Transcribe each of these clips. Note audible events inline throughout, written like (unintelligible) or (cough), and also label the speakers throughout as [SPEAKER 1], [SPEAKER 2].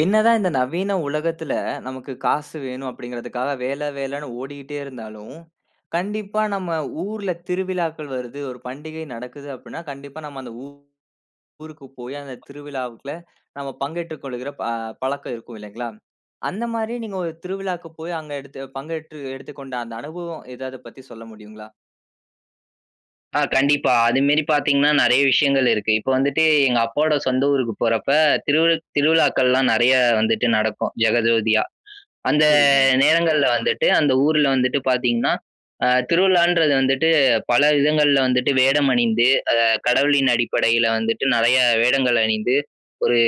[SPEAKER 1] என்னதான் இந்த நவீன உலகத்தில, நமக்கு காசு வேணும் அப்பிடிங்கிறதுக்காக வேல வேலன்னு ஓடிட்டே இருந்தாலும், கண்டிப்பா நம்ம ஊர்ல திருவிழாக்கள் வருது, ஒரு பண்டிகை நடக்குது அப்பிடின்னா, கண்டிப்பா நாம் அந்த ஊ ஊருக்கு போயி அந்த திருவிழாவுக்குள்ள நம்ம பங்கேற்றுக் கொள்கிற ப பழக்கம் இருக்கும் இல்லேங்களா, அந்தமாரி நீங்க ஒரு திருவிழாக்கு போய் அங்க எடுத்து பங்கேற்று எடுத்துக் கொண்ட அந்த அனுபவம் ஏதாவது பத்தி சொல்ல முடியுங்களா?
[SPEAKER 2] ஆ கண்டிப்பா. அதுமாரி பார்த்தீங்கன்னா, நறைய விஷயங்கள் இருக்கு. இப்ப வந்துட்டு எங்க அப்பாவோட சொந்த ஊருக்கு போறப்ப, திரு திருவிழாக்கள்லாம் நறைய வந்துட்டு நடக்கும் ஜெகஜோதியா. அந்த
[SPEAKER 1] சரிங்க.
[SPEAKER 2] நேரங்கள்ல வந்துட்டு அந்த ஊர்ல வந்துட்டு பார்த்தீங்கன்னா, அ திருவிழான்றது வந்துட்டு பல விதங்கள்ல வந்துட்டு, வேடம் அணிந்து அத கடவுளின் அடிப்படையில வந்துட்டு நறைய வேடங்கள் அணிந்து, ஒரு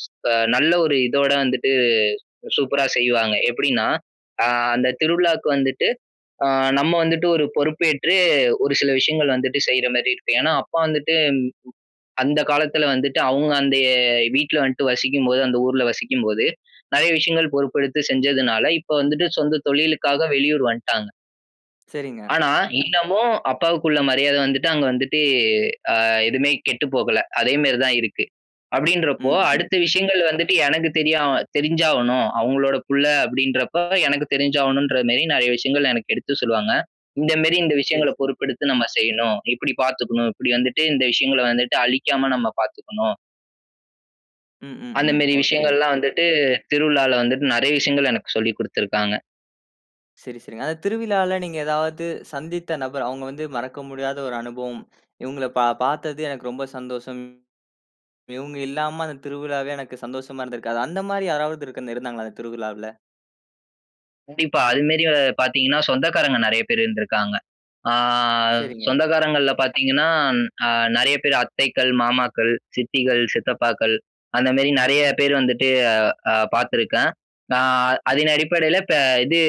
[SPEAKER 2] ஸ் அ நல்ல ஒரு இதோட வந்துட்டு சூப்பரா செய்வாங்க. எப்பிடின்னா, அ அந்த திருவிழாவுக்கு வந்துட்டு அ நம்ம வந்துட்டு ஒரு பொறுப்பேற்று ஒரு சில விஷயங்கள் வந்துட்டு செய்றமாரி இருக்கும். ஏன்னா, அப்பா வந்துட்டு அந்த காலத்துல வந்துட்டு அவுங்க அந்த வீட்டல வந்துட்டு வசிக்கும்போது அந்த ஊர்ல வசிக்கும் போது, நறைய விஷயங்கள் பொறுப்பெடுத்து செஞ்சதுனால இப்ப வந்துட்டு சொந்த தொழிலுக்காக வெளியூர் வந்ட்டாங்க.
[SPEAKER 1] சரிங்க.
[SPEAKER 2] ஆனா, இன்னமும் அப்பாவுக்குள்ள மரியாத வந்துட்டு அங்க வந்துட்டு அ எதுமே கெட்டு போகல. அதே மாரி தான் இருக்கு அப்படின்றப்போ
[SPEAKER 1] ம். ம்.
[SPEAKER 2] அடுத்த விஷயங்கள் வந்துட்டு எனக்கு தெரியா தெரிஞ்சாகணும். அவங்களோட புள்ள அப்படின்றப்ப எனக்கு தெரிஞ்சாகணும்ன்ற மாரி நெறைய விஷயங்கள் எனக்கு எடுத்து சொல்லுவாங்க, "இந்த மாரி இந்த
[SPEAKER 1] சரி,
[SPEAKER 2] விஷயங்கள
[SPEAKER 1] சரி.
[SPEAKER 2] பொறுப்பெடுத்து நம்ம செய்யணும், இப்படி பாத்துக்கணும், இப்படி வந்துட்டு இந்த விஷயங்கள வந்துட்டு அழிக்காம நம்ப பாத்துக்கணும்."
[SPEAKER 1] ம். ம்.
[SPEAKER 2] அந்த
[SPEAKER 1] ம்.
[SPEAKER 2] மாரி
[SPEAKER 1] ஓகே. ஓ
[SPEAKER 2] விஷயங்கள்லாம் வந்துட்டு திருவிழால வந்துட்டு நெறைய விஷயங்கள் எனக்கு சொல்லி குடுத்துருக்காங்க.
[SPEAKER 1] சரி, சரிங்க. அந்த திருவிழால நீங்க ஏதாவது சந்தித்த நபர், அவங்க வந்து மறக்க முடியாத ஒரு அனுபவம். இவங்கள பா பார்த்தது எனக்கு ரொம்ப சந்தோஷம். இவங்க இல்லாம அந்த திருவிழாவே எனக்கு சந்தோஷமா இருந்திருக்காது. அந்த மாதிரி யாராவது இருக் இருந்தாங்களா அந்த திருவிழாவில?
[SPEAKER 2] கண்டிப்பா. அது மாரி அ பார்த்தீங்கன்னா, சொந்தக்காரங்க நெறைய பேர் இருந்துருக்காங்க. ஆ
[SPEAKER 1] சரிங்க.
[SPEAKER 2] சொந்தக்காரங்கள்ல பார்த்தீங்கன்னா, அ நெறைய பேர் அத்தைக்கள், மாமாக்கள், சித்திகள், சித்தப்பாக்கள் அந்த மாரி நெறைய பேர் வந்துட்டு அ பார்த்துருக்கேன். அ அதன் அடிப்படையில பே இது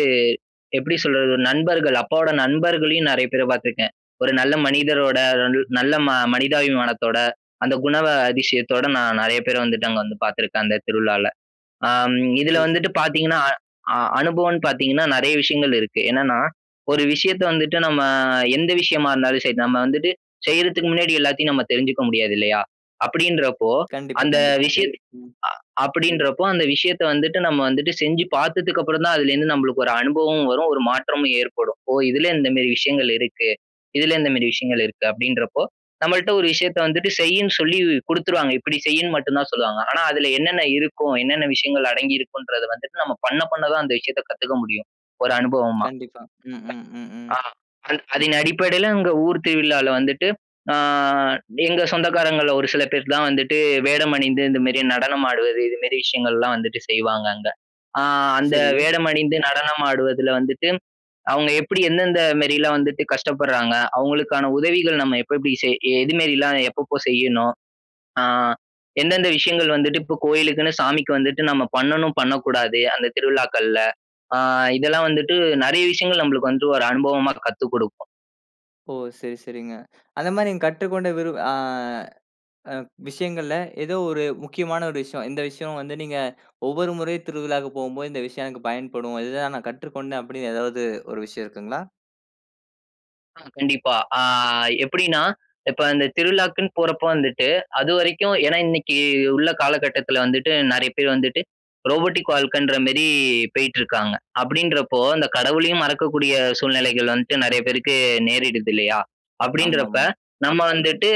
[SPEAKER 2] எப்படி சொல்றது நண்பர்கள், அப்பாவோட நண்பர்களையும் நெறைய பேர பார்த்துருக்கேன். ஒரு நல்ல மனிதரோட (unintelligible) நல்ல ம மனிதாபிமானத்தோட அந்த குணா அதிசயத்தோட நான் நெறைய பேர வந்துட்டு அங்க வந்து பார்த்துருக்கேன் அந்த திருவிழால. அ ம் இதுல
[SPEAKER 1] சரி, சரி.
[SPEAKER 2] வந்துட்டு பாத்தீங்கன்னா அ அனுபவம்னு பாத்தீங்கன்னா நெறைய விஷயங்கள் இருக்கு. என்னன்னா ஒரு விஷயத்த வந்துட்டு நம்ம எந்த விஷயமா இருந்தாலும் சரி, நம்ம வந்துட்டு செய்றதுக்கு முன்னாடி எல்லாத்தையும் நம்ம தெரிஞ்சுக்க முடியாது இல்லையா? அப்படின்றப்போ
[SPEAKER 1] கண்டிப்பா,
[SPEAKER 2] அந்த
[SPEAKER 1] கண்டிப்பா.
[SPEAKER 2] விஷயம்
[SPEAKER 1] ம்.
[SPEAKER 2] அ அப்படின்றப்போ அந்த விஷயத்த வந்துட்டு நம்ம வந்துட்டு செஞ்சு பாத்ததுக்கப்பறம் தான் அதுலேருந்து நம்பளுக்கு ஒரு அனுபவமும் வரும் ஒரு மாற்றமும் ஏற்படும். "ஓ! இதுல இந்த மாரி விஷயங்கள் இருக்கு. இதுல இந்த மாரி விஷயங்கள் இருக்கு" அப்படின்றப்போ நம்மள்ட்ட ஒரு விஷயத்த வந்துட்டு செய்யின்னு சொல்லி குடுத்துருவாங்க. இப்படி செய்யின்னு மட்டும் தான் சொல்லுவாங்க. ஆனா, அதுல என்னென்ன இருக்கும், என்னென்ன விஷயங்கள் அடங்கி இருக்கும்ன்றத வந்துட்டு நம்ம பண்ண பண்ண தான் அந்த விஷயத்த கத்துக்க முடியும் ஒரு அனுபவமா.
[SPEAKER 1] கண்டிப்பா. ம். ம். ம். ம்.
[SPEAKER 2] (unintelligible) ஆ.
[SPEAKER 1] (smacks lips)
[SPEAKER 2] அத அதன் அடிப்படையில இங்க ஊர் திருவிழால வந்துட்டு அ எங்க சொந்தக்காரங்கள்ல ஒரு சில பேருக்கு தான் வந்துட்டு வேடம் அணிந்து இந்த மாரி நடனம் ஆடுவது, இது மாரி விஷயங்கள்லாம் வந்துட்டு செய்வாங்க அங்க. அ அந்த
[SPEAKER 1] சரி.
[SPEAKER 2] வேடம் அணிந்து நடனம் ஆடுவதுல வந்துட்டு அவங்க எப்படி எந்தெந்த மாரிலாம் வந்துட்டு கஷ்டப்படுறாங்க, அவங்களுக்கான உதவிகள் நம்ம எப்ப எப்படி செய் எது மாரிலாம் எப்பப்போ செய்யணும், ஆ எந்தெந்த விஷயங்கள் வந்துட்டு இப்போ கோயிலுக்குன்னு சாமிக்கு வந்துட்டு நம்ம பண்ணணும் பண்ணக்கூடாது அந்த திருவிழாக்கள்ல, அ இதெல்லாம் வந்துட்டு நெறைய விஷயங்கள் நம்பளுக்கு வந்து ஒரு அனுபவமா கத்து கொடுக்கும்.
[SPEAKER 1] ஓ! சரி, சரிங்க. அந்த மாரி நீங்க கற்றுக்கொண்ட விரு ஆ, அ, விஷயங்கள்ல ஏதோ ஒரு முக்கியமான ஒரு விஷயம். இந்த விஷயம் வந்து நீங்க, ஒவ்வொரு முறையும் திருவிழாவுக்கு போம்போது, இந்த விஷயம் எனக்கு பயன்படும். இது தான் நான் கற்றுக்கொண்டேன், அப்படின்னு ஏதாவது ஒரு விஷயம் இருக்குங்களா?
[SPEAKER 2] ஆ, கண்டிப்பா. ஆ, எப்படின்னா, இப்ப இந்த திருவிழாக்குன்னு போறப்ப வந்துட்டு அதுவரைக்கும் ஏன்னா இன்னைக்கி உள்ள காலகட்டத்துல வந்துட்டு, நெறைய பேரு வந்துட்டு, ரோபோடிக் வாழ்க்கன்ற மாரி பேயிட்ருக்காங்க. அப்படின்றப்போ, அந்த கடவுளையும் மறக்கக்கூடிய, சூழ்நிலைகள் வந்துட்டு நெறைய பேருக்கு நேரிடுதில்லையா? அப்படின்றப்ப,
[SPEAKER 1] ஆமாமா.
[SPEAKER 2] நம்ம வந்துட்டு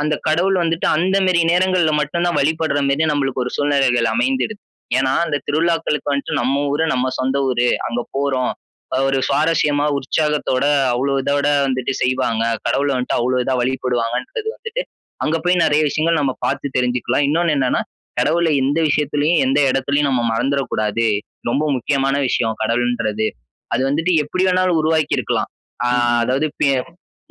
[SPEAKER 2] அந்த கடவுள் வந்துட்டு, அந்த மாரி நேரங்கள்ல மட்டும் தான் வழிபடுற மாரி நம்மளுக்கு ஒரு சூழ்நிலைகள் அமைந்திடுது. ஏன்னா, அந்த திருவிழாக்களுக்கு வந்துட்டு, நம்ம ஊரு, நம்ம சொந்த ஊரு, அங்க போறோம். அ ஒரு சுவாரசியமா, உற்சாகத்தோட அவ்ளோ இதோட வந்துட்டு செய்வாங்க. கடவுள வந்துட்டு அவ்ளோ இதா வழிபடுவாங்கன்றது வந்துட்டு, அங்க போய் நெறைய விஷயங்கள் நம்ம பாத்து தெரிஞ்சுக்கலாம். இன்னொன்னு என்னன்னா, கடவுள எந்த விஷயத்துலயும், எந்த இடத்துலயும் நாம மறந்துறக் கூடாது. ரொம்ப முக்கியமான விஷயம், கடவுள்ன்றது. அது வந்துட்டு எப்படி வேணாலும் உருவாக்கிருக்கலாம். ஆ,
[SPEAKER 1] ம், ம்.
[SPEAKER 2] அதாவது பே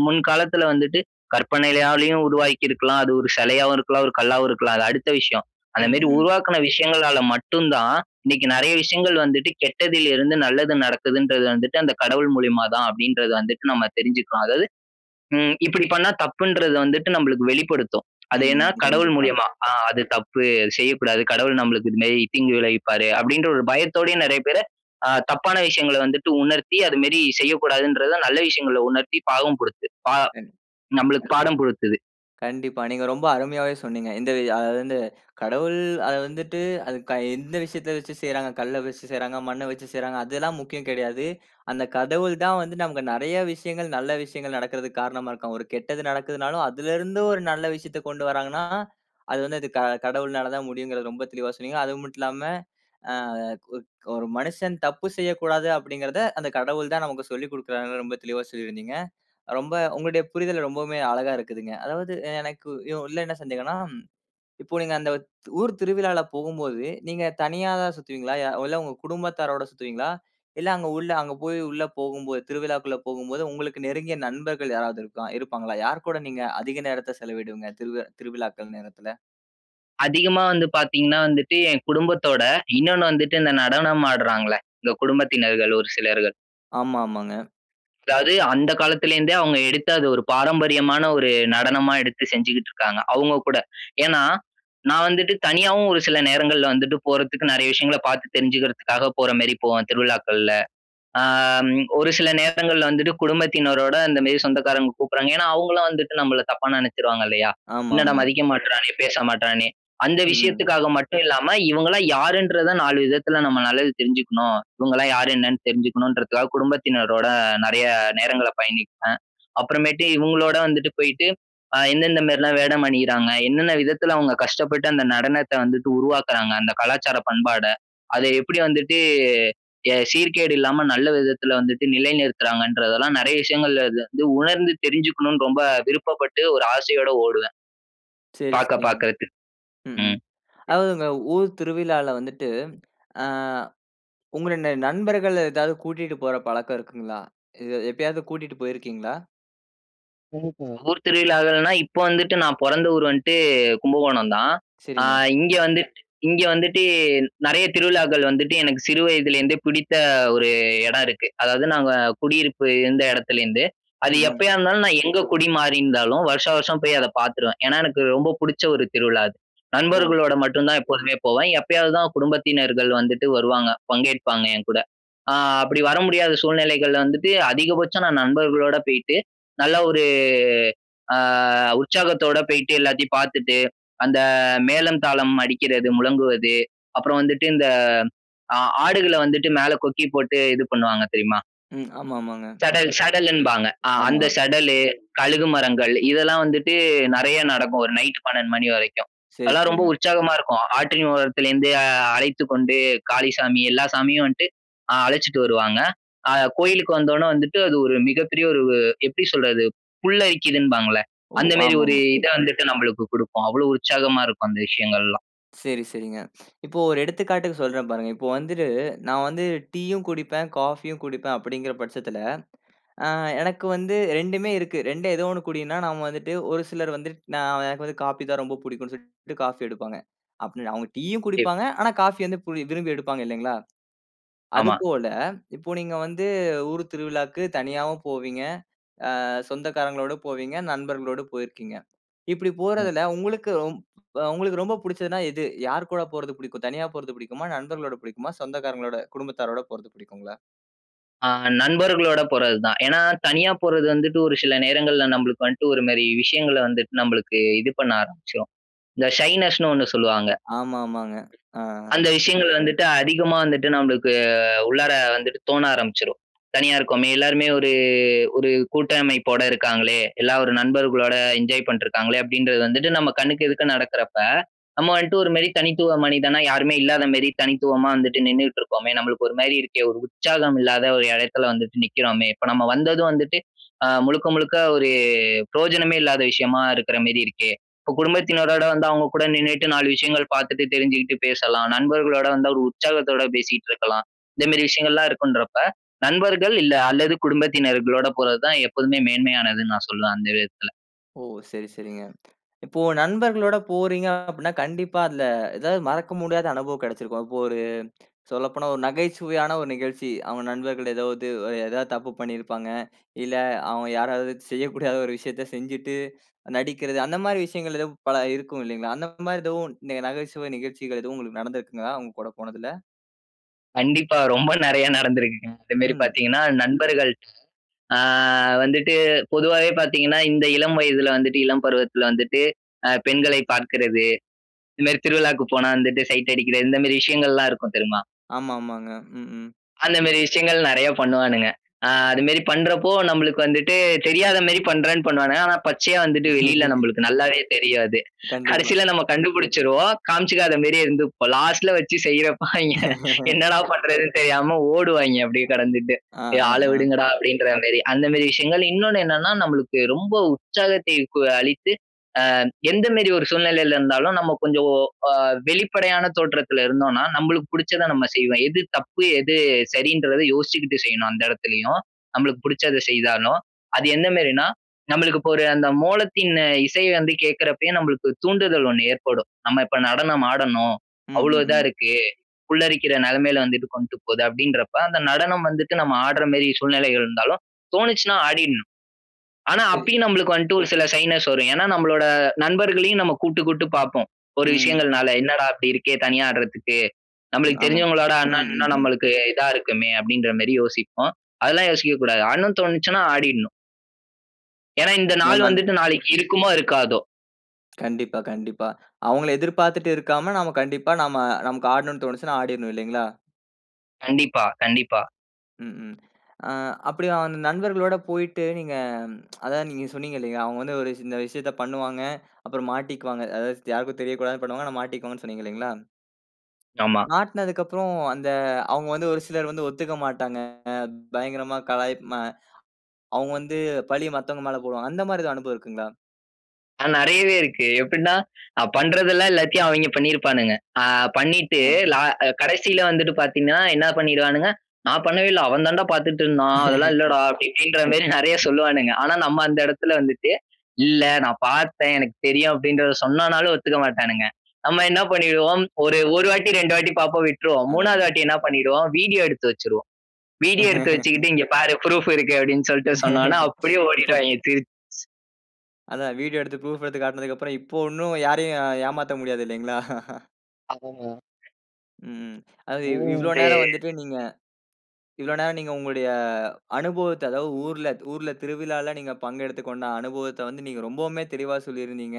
[SPEAKER 2] முன் காலத்துல வந்துட்டு கற்பனையாலும் உருவாக்கிருக்கலாம், அது ஒரு சிலையாவும் இருக்கலாம், ஒரு கல்லாவும் இருக்கலாம், அது அடுத்த விஷயம். அந்த
[SPEAKER 1] ம்,
[SPEAKER 2] மாரி
[SPEAKER 1] ம்.
[SPEAKER 2] உருவாக்குன விஷயங்களால மட்டும் தான், இன்னைக்கு நெறைய விஷயங்கள் வந்துட்டு கெட்டதில் இருந்து நல்லது நடக்குதுன்றது வந்துட்டு, அந்த கடவுள் மூலியமா தான், அப்டின்றது வந்துட்டு நம்ம தெரிஞ்சுக்கலாம். அதாவது, ம், இப்படி பண்ணா தப்புன்றது வந்துட்டு நம்மளுக்கு வெளிப்படுத்தும். அது
[SPEAKER 1] ம்,
[SPEAKER 2] ஏன்னா, கடவுள்
[SPEAKER 1] கண்டிப்பாங்க.
[SPEAKER 2] மூலியமா. ஆ, அது தப்பு, அது செய்யக்கூடாது. கடவுள் நம்மளுக்கு இந்த மாரி தீங்கு விளைவிப்பாரு, அப்படின்ற ஒரு பயத்தோடயும் நறைய பேரு, அ, தப்பான விஷயங்கள வந்துட்டு உணர்த்தி, அது மாரி செய்யக்கூடாதுன்றத, நல்ல விஷயங்கள உணர்த்தி, பாடம் குடுத்து. பா
[SPEAKER 1] கண்டி
[SPEAKER 2] நம்மளுக்கு பாடம் புகுத்துது.
[SPEAKER 1] கண்டிப்பா. நீங்க ரொம்ப அருமையாவே சொன்னீங்க. இந்த வி அது வந்து கடவுள் அது வந்துட்டு, அது க எந்த விஷயத்த வச்சு செய்றாங்க? கல்ல வச்சு செய்றாங்க, மண்ண வச்சு செய்றாங்க, அதெல்லாம் முக்கியம் கெடையாது. அந்த கடவுள் தான் வந்து நமக்கு நெறைய விஷயங்கள் நல்ல விஷயங்கள் நடக்குறதுக்கு காரணமா இருக்கான். ஒரு கெட்டது நடக்குதுனாலும் அதுல இருந்து ஒரு நல்ல விஷயத்த கொண்டு வராங்கன்னா அது வந்து கடவுள்னால தான் முடியும்ங்கறத ரொம்ப தெளிவா சொன்னீங்க. அதுமட்டுமில்லாம அ (unintelligible) ஒரு மனுஷன் தப்பு செய்யக்கூடாது அப்படிங்கறத, அந்த கடவுள் தான் நமக்கு சொல்லிக் குடுக்குறாருன்னு ரொம்ப தெளிவா சொல்லியிருந்தீங்க. ரொம்ப உங்களுடைய புரிதல் ரொம்பவுமே அழகா இருக்குதுங்க. அதாவது எனக்கு உள்ள என்ன சந்தேகம்னா, இப்போ நீங்க அந்த ஊர் திருவிழால போகும்போது நீங்க தனியாதான் சுத்துவீங்களா? அ இல்ல உங்க குடும்பத்தாரோட சுத்துவீங்களா? இல்ல அங்க உள்ள அங்க போய் உள்ள போகும்போது, திருவிழாக்குள்ள போகும்போது உங்களுக்கு நெருங்கிய நண்பர்கள் யாராவது இருக்கா இருப்பாங்களா? யாரு கூட நீங்க அதிக நேரத்த செலவிடுவீங்க திருவ திருவிழாக்கள் நேரத்துல?
[SPEAKER 2] அதிகமா வந்து பாத்தீங்கன்னா வந்துட்டு, என் குடும்பத்தோட இன்னொன்னு வந்துட்டு இந்த நடனம் ஆட்றாங்கள, இந்த குடும்பத்தினர்கள் ஒரு சிலர்கள்.
[SPEAKER 1] ஆமாமாங்க.
[SPEAKER 2] அதாது அந்த காலத்துல இருந்தே அவங்க எடுத்து அது ஒரு பாரம்பரியமான ஒரு நடனமா எடுத்து செஞ்சுகிட்டு இருக்காங்க. அவுங்க கூட. ஏன்னா நான் வந்துட்டு தனியாவும் ஒரு சில நேரங்கள்ல வந்துட்டு போறதுக்கு நெறைய விஷயங்கள பாத்து தெரிஞ்சுக்கிறதுக்காக போற மாரி போவேன் திருவிழாக்கள்ல. அம் ஒரு சில நேரங்கள்ல வந்துட்டு குடும்பத்தினரோட, இந்த மாரி சொந்தக்காரங்க கூப்புட்றாங்க ஏன்னா அவங்களும் வந்துட்டு நம்மள தப்பா நெனைச்சிருவாங்க இல்லையா? என்னடா
[SPEAKER 1] ஆமாமா.
[SPEAKER 2] மதிக்க மாட்றானே, பேச மாட்றானே, அந்த
[SPEAKER 1] ம்.
[SPEAKER 2] விஷயத்துக்காக மட்டும் இல்லாம இவங்கலாம் யாருன்றத நாலு விதத்துல நம்ம நல்லாவே தெரிஞ்சுக்கணும். இவங்கலாம் யாரு என்னன்னு தெரிஞ்சுக்கணும்ன்றதுக்காக குடும்பத்தினரோட நெறைய நேரங்கள பயணிப்பேன். அப்பறமேட்டு இவங்களோட வந்துட்டு போயிட்டு, அ எந்த எந்த மாரிலாம் வேடம் அணியறாங்க, என்னென்ன விதத்துல அவங்க கஷ்டப்பட்டு அந்த நடனத்த வந்துட்டு உருவாக்குறாங்க, அந்த கலாச்சார பண்பாட. அத எப்படி வந்துட்டு, எ சீர்கேடு இல்லாம நல்ல விதத்துல வந்துட்டு நிலைநிறுத்துறாங்கன்றதெல்லாம் நெறைய விஷயங்கள் வந்து உணர்ந்து தெரிஞ்சுக்கணும்னு ரொம்ப விருப்பப்பட்டு ஒரு ஆசையோட ஓடுவேன்.
[SPEAKER 1] சரி,
[SPEAKER 2] பார்க்க
[SPEAKER 1] சரிங்க.
[SPEAKER 2] பார்க்கறதுக்கு.
[SPEAKER 1] ம். ம்.
[SPEAKER 2] ம். ம்.
[SPEAKER 1] அதாவது உங்க ஊர் திருவிழால வந்துட்டு அ உங்களுடைய நண்பர்கள ஏதாவது கூட்டிட்டு போற பழக்கம் இருக்குங்களா? எ எப்பயாவது கூட்டிட்டு போயிருக்கீங்களா?
[SPEAKER 2] ம்ஹம். ஊர் திருவிழாக்கள்னா இப்போ வந்துட்டு நான் பொறந்த ஊர் வந்துட்டு கும்பகோணம் தான். அ
[SPEAKER 1] சரிங்க.
[SPEAKER 2] இங்க வந்துட்டு இங்க வந்துட்டு நெறைய திருவிழாக்கள் வந்துட்டு எனக்கு சிறு வயதுலேருந்தே பிடித்த ஒரு இடம் இருக்கு. அதாவது நாங்க குடியிருப்பு இருந்த இடத்துலேருந்து
[SPEAKER 1] ம்.
[SPEAKER 2] அது
[SPEAKER 1] ம்.
[SPEAKER 2] எப்பயா இருந்தாலும் நான் எங்க குடி மாறி இருந்தாலும் வருஷா வருஷம் போய் அத பாத்துருவேன். ஏன்னா, எனக்கு ரொம்ப புடிச்ச ஒரு திருவிழா அது.
[SPEAKER 1] ஓ!
[SPEAKER 2] நண்பர்களோட மட்டும் தான் எப்போதுமே போவேன். எப்பயாவது தான் குடும்பத்தினர்கள் வந்துட்டு வருவாங்க. பங்கேற்பாங்க என்கூட. அ அப்படி வர முடியாத சூழ்நிலைகள்ல வந்துட்டு அதிகபட்சம் நான் நண்பர்களோட போயிட்டு, நல்ல ஒரு அ உற்சாகத்தோட போயிட்டு, எல்லாத்தையும் பார்த்துட்டு, அந்த மேளம் தாளம் அடிக்கிறது, முழங்குவது, அப்புறம் வந்துட்டு இந்த ஆ ஆடுகள வந்துட்டு மேல கொக்கி போட்டு இது பண்ணுவாங்க தெரியுமா?
[SPEAKER 1] ம். ஆமா, ஆமாங்க.
[SPEAKER 2] சடல், சடல் என்பாங்க. ஆ. அந்த
[SPEAKER 1] ஆமா.
[SPEAKER 2] சடலு, கழுகு மரங்கள் இதெல்லாம் வந்துட்டு நெறைய நடக்கும். ஒரு நைட் 12:00 மணி வரைக்கும்.
[SPEAKER 1] சரி,
[SPEAKER 2] அதெல்லாம் ரொம்ப
[SPEAKER 1] சரிங்க.
[SPEAKER 2] உற்சாகமா இருக்கும். ஆற்றின் ஓரத்திலேருந்து அழைத்துக் கொண்டு காளிசாமி எல்லா சாமியும் வந்துட்டு அ அழைச்சுட்டு வருவாங்க. அ கோயிலுக்கு வந்த உடனே வந்துட்டு அது ஒரு மிகப்பெரிய ஒரு எப்படி சொல்றது புல்லரிக்குதுன்பாங்கல்ல
[SPEAKER 1] ஓ!
[SPEAKER 2] அந்த மாரி ஒரு
[SPEAKER 1] ஆமாமா.
[SPEAKER 2] இத வந்துட்டு நம்பளுக்கு குடுக்கும். அவ்வளோ உற்சாகமா இருக்கும் அந்த விஷயங்கள்லாம்.
[SPEAKER 1] சரி, சரிங்க. (sniffs) இப்போ ஒரு எடுத்துக்காட்டுக்கு சொல்றேன் பாருங்க. இப்போ வந்துட்டு நான் வந்து டீயும் குடிப்பேன், காஃபியும் குடிப்பேன் அப்படிங்கிற பட்சத்தில, ஆ எனக்கு வந்து 2மே இருக்கு. 2ல ஏதோ 1 குடின்னா நாம வந்துட்டு ஒரு சிலர் வந்து நான் எனக்கு வந்து காபி தான் ரொம்ப புடிக்கும்ன்னு சொல்லிட்டு காஃபி எடுப்பாங்க. அப்படி அவங்க டீயும்
[SPEAKER 2] (unintelligible)
[SPEAKER 1] குடிப்பாங்க. ஆனா காஃபி வந்து பு விரும்பி எடுப்பாங்க இல்லைங்களா?
[SPEAKER 2] ஆமா.
[SPEAKER 1] அதுபோல, இப்போ நீங்க வந்து ஊர் திருவிழாக்கு தனியாவும் போவீங்க. அ சொந்தக்காரங்களோடு போவீங்க, நண்பர்களோடு போயிருக்கீங்க. இப்படி
[SPEAKER 2] ம்.
[SPEAKER 1] போறதில உங்களுக்கு உ உங்களுக்கு ரொம்ப புடிச்சதுன்னா எது? யார் கூட போறது புடிக்கும்? தனியா போறது புடிக்குமா? நண்பர்களோட புடிக்குமா? சொந்தக்காரங்களோட குடும்பத்தாரோட போறது புடிக்குங்களா?
[SPEAKER 2] அ நண்பர்களோட போறது தான். ஏன்னா தனியா போறது வந்துட்டு, ஒரு சில நேரங்கள்ல நம்பளுக்கு வந்துட்டு, ஒரு மாரி விஷயங்கள வந்துட்டு நம்பளுக்கு இது பண்ண ஆரம்பிச்சுரும். இந்த ஷைனஸ் ன்னு ஒன்னு சொல்லுவாங்க.
[SPEAKER 1] ஆமா ஆமாங்க. ஆ.
[SPEAKER 2] அந்த விஷயங்கள் வந்துட்டு, அதிகமா வந்துட்டு, நம்பளுக்கு உள்ளார வந்துட்டு தோண ஆரம்பிச்சுரும். "தனியா இருக்கோமே, எல்லாருமே ஒரு ஒரு கூட்டமைப்போட இருக்காங்களே, எல்லா ஒரு நண்பர்களோட, என்ஜாய் பண்ட்டு இருக்காங்களே" அப்படின்றது வந்துட்டு, நம்ம கண்ணுக்கு எதுக்க நடக்குறப்ப, நம்ம வந்துட்டு ஒரு மாரி தனித்துவ மனிதனா, யாருமே இல்லாத மாரி, தனித்துவமா வந்துட்டு நின்னுட்டு இருக்கோமே, நம்மளுக்கு ஒரு மாரி இருக்கே, ஒரு உற்சாகம் இல்லாத ஒரு எடத்தில வந்துட்டு நிக்கிறோமே, இப்ப நம்ம வந்ததும் வந்துட்டு, அ முழுக்க முழுக்க ஒரு, பிரயோஜனமே இல்லாத விஷயமா இருக்கிற மேரி இருக்கே, இப்போ குடும்பத்தினரோடு வந்து, அவங்க கூட நின்னுட்டு, நாலு விஷயங்கள் பார்த்துட்டு, தெரிஞ்சுகிட்டு பேசலாம். நண்பர்களோட வந்தா, ஒரு உற்சாகத்தோட பேசிட்டு இருக்கலாம். இந்த மாரி விஷயங்கள்லாம் இருக்குன்றப்ப, நண்பர்கள், இல்ல அல்லது குடும்பத்தினர்களோட போறது தான், எப்போதுமே மேன்மையானதுன்னு, நான் சொல்லுவேன். அந்த விதத்தில.
[SPEAKER 1] ஓ! சரி சரிங்க. இப்போ, நண்பர்களோட போறீங்க அப்டின்னா, கண்டிப்பா அந்த ஏதாவது மறக்க முடியாத அனுபவம் கெடச்சிருக்கும். இப்போ ஒரு சொல்லப்போனா, ஒரு நகைச்சுவையான 1 நிகழ்ச்சி, அவுங்க நண்பர்கள் ஏதாவது ஏதாவது தப்பு பண்ணியிருப்பாங்க. இல்ல, அவுங்க யாராவது செய்யக்கூடாத ஒரு விஷயத்த செஞ்சுட்டு நடிக்கிறது, அந்த மாரி விஷயங்கள், எதும் பல இருக்கும் இல்லைங்களா? அந்த மாரி எதோ 1, நகைச்சுவை நிகழ்ச்சிகள் எதுவும் உங்களுக்கு நடந்திருக்குங்களா? அவுங்க கூட போனதில?
[SPEAKER 2] கண்டிப்பா. ரொம்ப நெறைய நடந்துருக்குங்க. அந்தமாரி
[SPEAKER 1] ம்.
[SPEAKER 2] பாத்தீங்கன்னா, நண்பர்கள் அ வந்துட்டு பொதுவாவே பாத்தீங்கன்னா, இந்த இளம் வயதுல வந்துட்டு இளம் பருவத்துல வந்துட்டு, அ பெண்களை பாக்குறது, இந்தமாரி திருவிழாக்கு போனா வந்துட்டு சைட் அடிக்கிறது இந்தமாரி விஷயங்கள்லாம் இருக்கும் தெரியுமா?
[SPEAKER 1] ஆமாமாங்க. ம், ம்.
[SPEAKER 2] அந்தமாரி விஷயங்கள் நெறைய பண்ணுவானுங்க. ஆ அதுமாரி பண்றப்போ நம்மளுக்கு வந்துட்டு தெரியாத மாரி பண்றேன்னு பண்ணுவானுங்க. ஆனா பச்சையா வந்துட்டு வெளில
[SPEAKER 1] (chuckles)
[SPEAKER 2] நம்மளுக்கு நல்லாவே தெரியும் அது.
[SPEAKER 1] கண்டிப்பா.
[SPEAKER 2] கடைசில நம்ம கண்டுபிடிச்சிருவோம். காமிச்சுக்காதமாரியே இருந்துப்போம். லாஸ்ட்டுல வச்சு செய்யிறப்ப அவெங்க
[SPEAKER 1] (chuckles)
[SPEAKER 2] என்னடா! பண்றதுன்னு தெரியாம ஓடுவாங்க
[SPEAKER 1] அ,
[SPEAKER 2] அப்பிடியே கடந்துட்டு.
[SPEAKER 1] ஆ,
[SPEAKER 2] ஏ!
[SPEAKER 1] ஆ,
[SPEAKER 2] ஆள
[SPEAKER 1] ஆ.
[SPEAKER 2] விடுங்கடா! அப்பிடின்றமேரி. அந்தமாரி விஷயங்கள், இன்னொன்னு என்னன்னா நம்மளுக்கு ரொம்ப உற்சாகத்தை கு அளித்து அ எந்த மாரி ஒரு சூழ்நிலையில இருந்தாலும் நம்ம கொஞ்சம் ஓ அ வெளிப்படையான தோற்றத்துல இருந்தோன்னா நம்மளுக்கு புடிச்சத நம்ம செய்வேன். எது தப்பு எது சரின்றத யோசிச்சுக்கிட்டு செய்யணும், அந்த எடத்துலயும். நம்மளுக்கு புடிச்சத செய்தாலும். அது எந்தமாரினா, நம்மளுக்கு இப்போ அந்த மோளத்தின் அ இசை வந்து கேக்குறப்பயே ஒரு தூண்டுதல் ஒண்ணு ஏற்படும். நம்ம இப்ப நடனம் ஆடணும்,
[SPEAKER 1] ம்,
[SPEAKER 2] அவ்வளவு
[SPEAKER 1] ம்,
[SPEAKER 2] இதா
[SPEAKER 1] ம்.
[SPEAKER 2] இருக்கு, புல்லரிக்கிற நெலமையில வந்துட்டு கொண்டுபோது, அப்பிடின்றப்ப அந்த நடனம் வந்துட்டு நம்ம ஆடுறமாரி சூழ்நிலை இருந்தாலும், தோணுச்சுன்னா ஆடிட்ணும். ஆனா,
[SPEAKER 1] (unintelligible)
[SPEAKER 2] அப்பயும் நம்மளுக்கு வந்துட்டு ஒரு சில ஷைனஸ் வரும். ஏன்னா நம்மளோட நண்பர்களையும் நம்ம கூப்ட்டு, கூப்ட்டு பார்ப்போம். ஒரு
[SPEAKER 1] ம்.
[SPEAKER 2] விஷயங்கள்னால என்னடா! இப்பிடி இருக்கே! தனியா ஆடுறதுக்கு. நம்மளுக்கு
[SPEAKER 1] ஆமாம்.
[SPEAKER 2] தெரிஞ்சவங்களோட ஆட்னா,
[SPEAKER 1] ம், ம்,
[SPEAKER 2] இன்னும்
[SPEAKER 1] ம்.
[SPEAKER 2] நம்மளுக்கு இதா இருக்குமே அப்பிடின்றமாரி யோசிப்போம். அதெல்லாம் யோசிக்க கூடாது. ஆடணுன்னு தோணுச்சுன்னா, ஆடிட்ணும். ஏன்னா, இந்த
[SPEAKER 1] ந
[SPEAKER 2] நாள்
[SPEAKER 1] நன்
[SPEAKER 2] வந்துட்டு நாளைக்கி இருக்குமோ! இருக்காதோ!
[SPEAKER 1] கண்டிப்பா, கண்டிப்பா. அவுங்கள எதிர்பார்த்திட்டு இருக்காம நாம கண்டிப்பா நாம நமக்கு ஆடணுன்னு தோணுச்சுன்னா, ஆடிர்ணும் இல்லேங்களா!
[SPEAKER 2] கண்டிப்பா, கண்டிப்பா.
[SPEAKER 1] ம், ம். அ அப்பிடி அந்த நண்பர்களோட போயிட்டு நீங்க (tsk) அதா நீங்க சொன்னீங்க இல்லயா! அவுங்க வந்து ஒரு இந்த விஷயத்த பண்ணுவாங்க, அப்புறம் மாட்டிக்குவாங்க. அதாவது யாருக்கும் தெரியக்கூடாதுன்னு பண்ணுவாங்க. ஆனா, மாட்டிக்குவாங்கன்னு சொன்னீங்க இல்லேங்களா!
[SPEAKER 2] ஆமா.
[SPEAKER 1] மாட்னதுக்கு அப்புறம் அந்த அவுங்க வந்து ஒரு சிலர் வந்து ஒத்துக்க மாட்டாங்க. பயங்கரமா கலாய்ப் அ அவுங்க வந்து பலிய மத்தவங்க மேல போடுவாங்க. அந்தமாரி எதா அனுபவம் இருக்குங்களா?
[SPEAKER 2] ஆ நெறையவே இருக்கு. எப்பிடின்னா, அ பண்றதெல்லாம் எல்லாத்தையும் அவெங்க பண்ணிருப்பானுங்க. அ பண்ணிட்டு
[SPEAKER 1] ஆ. அ.
[SPEAKER 2] லா கடைசில வந்துட்டு பாத்தீங்கன்னா, என்ன பண்ணிடுவானுங்க, "நான் பண்ணவே இல்ல. அவன் தாண்டா! பாத்துட்டு இருந்தான். அதெல்லாம் இல்லடா!"
[SPEAKER 1] (chuckles)
[SPEAKER 2] அப்பிடி இப்பிடின்றமாரி நெறைய சொல்லுவானுங்க. ஆனா நம்ம அந்த இடத்துல வந்துட்டு, "இல்ல நான் பாத்தேன். எனக்கு தெரியும்." அப்பிடின்றத சொன்னானாலும் ஒத்துக்க மாட்டானுங்க. நம்ம என்ன பண்ணிருவோம், ஒரு, ஒரு வாட்டி, 2 வாட்டி பாப்போம், விட்டுருவோம். 3 வது
[SPEAKER 1] அதானே!
[SPEAKER 2] வாட்டி என்ன பண்ணிருவோம், வீடியோ எடுத்து வச்சுருவோம். வீடியோ எடுத்து வச்சுக்கிட்டு, "இங்க
[SPEAKER 1] (chuckles)
[SPEAKER 2] பாரு! ப்ரூஃப் இருக்கு." அப்பிடின்னு சொல்ட்டு சொன்னவுனே
[SPEAKER 1] (chuckles) ஸ்
[SPEAKER 2] அப்பிடியே
[SPEAKER 1] இப்ப
[SPEAKER 2] ஓடிடுவாங்க திருச்
[SPEAKER 1] அதான் வீடியோ எடுத்து ப்ரூஃப் எடுத்து காட்டுனதுக்கு அப்புறம் இப்போ 1 ம் யாரையும் ஏமாத்த முடியாது இல்லேங்களா! (chuckles)
[SPEAKER 2] (unintelligible)
[SPEAKER 1] ம். அதாவது இ இவ்ளோ நேரம்
[SPEAKER 2] (unintelligible)
[SPEAKER 1] வந்துட்டு நீங்க. இவ்ளோ நேரம் நீங்க உங்களுடைய அனுபவத்த, அதாவது ஊர்ல ஊர்ல திருவிழாவில நீங்க பங்கெடுத்துக்கொண்ட அனுபவத்த வந்து நீங்க ரொம்பவுமே தெளிவ சொல்லியிருந்தீங்க.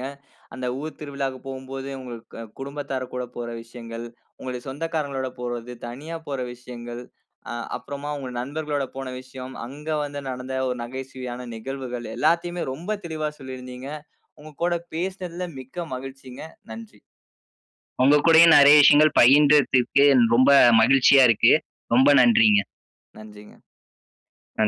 [SPEAKER 1] அந்த ஊர் திருவிழாவுக்கு போம்போது, உங்க அ குடும்பத்தாருகூட போற விஷயங்கள், உங்களுடைய சொந்தக்காரஙு்களோட போறது, தனியா போற விஷயங்கள், அ அப்புறமா உங்க நண்பர்களோட போன விஷயம். அங்க வந்து நடந்த ஒரு நகைச்சுவையான நிகழ்வுகள் எல்லாத்தையுமே ரொம்ப தெளிவா சொல்லியிருந்தீங்க. உங்க கூட பேசினதுல மிக்க மகிழ்ச்சிங்க. நன்றி.
[SPEAKER 2] உங்க கூடயும் நெறைய விஷயங்கள் பகிர்ந்ததுக்கு ரொம்ப மகிழ்ச்சியா இருக்கு. ரொம்ப நன்றிங்க.
[SPEAKER 1] நன்றிங்க.
[SPEAKER 2] (unintelligible)